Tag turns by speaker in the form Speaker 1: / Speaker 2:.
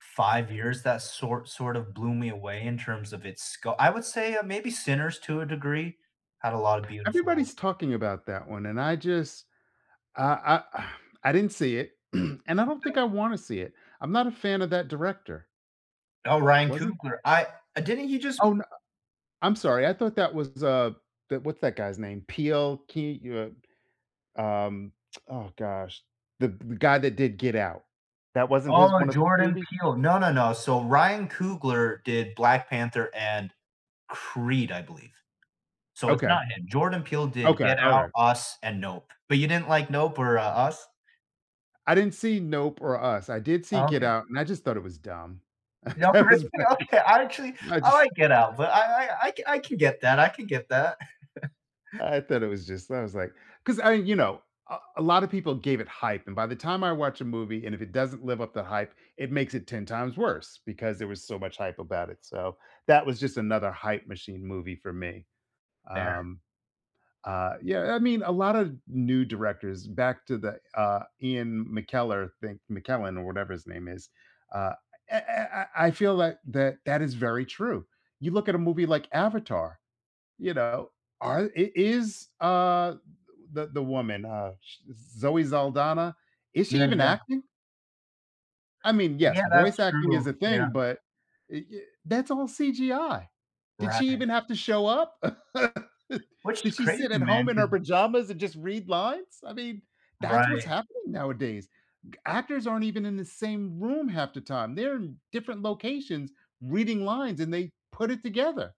Speaker 1: 5 years that sort sort of blew me away in terms of its sco I would say, uh, maybe Sinners to a degree had a lotta beautiful
Speaker 2: Everybody's talking about that one, and I just I I I didn't see it, and I don't think
Speaker 1: [unintelligible]
Speaker 2: I wanna see it. I'm not a fan of that director.
Speaker 1: Oh, Ryan
Speaker 2: Wasn't
Speaker 1: Coogler. I uh, didn't he just
Speaker 2: Oh, n uh I'm sorry, I thought that was, uh the what's that guy's name? Peele Key? You, uh, um, oh gosh. The the guy that did Get Out. That wasn't
Speaker 1: Oh,
Speaker 2: his
Speaker 1: my
Speaker 2: one of his
Speaker 1: Jordan
Speaker 2: movies?
Speaker 1: Peele no, no, no, so, Ryan Coogler did Black Panther and Creed, I believe. So, it's
Speaker 2: Okay.
Speaker 1: not him, Jordan Peele did
Speaker 2: Okay,
Speaker 1: Get Out,
Speaker 2: alright.
Speaker 1: Us, and Nope. But you didn't like Nope or U Us?
Speaker 2: I didn't see Nope or Us. I did see
Speaker 1: Oh,
Speaker 2: Get
Speaker 1: okay.
Speaker 2: Out, and I just thought it was dumb.
Speaker 1: Nope.
Speaker 2: That was
Speaker 1: [unintelligible] I
Speaker 2: [unintelligible]
Speaker 1: actually
Speaker 2: I
Speaker 1: I
Speaker 2: ju
Speaker 1: like Get Out, but I I I c I can get that, I can get that.
Speaker 2: I thought it was just I was, like 'cause I you know, a a lotta people gave it hype and by the time I watch a movie and if it doesn't live up the hype, it makes it 10 times worse because there was so much hype about it, so, that was just another hype machine movie for me.
Speaker 1: There.
Speaker 2: Um, uh, yeah I mean, a lotta new directors back to the, uh, Ian McKellar, thing, McKellen or whatever his name is, uh, eh eh I I feel like that that is very true. You look at a movie like Avatar, you know, are i is, uh, the w the the woman, uh, sh Zoe Saldana, is she
Speaker 1: Yeah.
Speaker 2: even
Speaker 1: Yeah.
Speaker 2: acting? I mean, yes,
Speaker 1: Yeah, that's
Speaker 2: voice acting
Speaker 1: true.
Speaker 2: is a
Speaker 1: Yeah.
Speaker 2: thing, but i y that's all CGI. Did she
Speaker 1: Right.
Speaker 2: even have to show up?
Speaker 1: Which is
Speaker 2: Did she sit
Speaker 1: crazy,
Speaker 2: at home
Speaker 1: man
Speaker 2: in her
Speaker 1: 'cause
Speaker 2: pajamas and just read lines? I mean, that's what's
Speaker 1: Right.
Speaker 2: happening nowadays. G Actors aren't even in the same room half the time, they're in different locations reading lines and they put it together.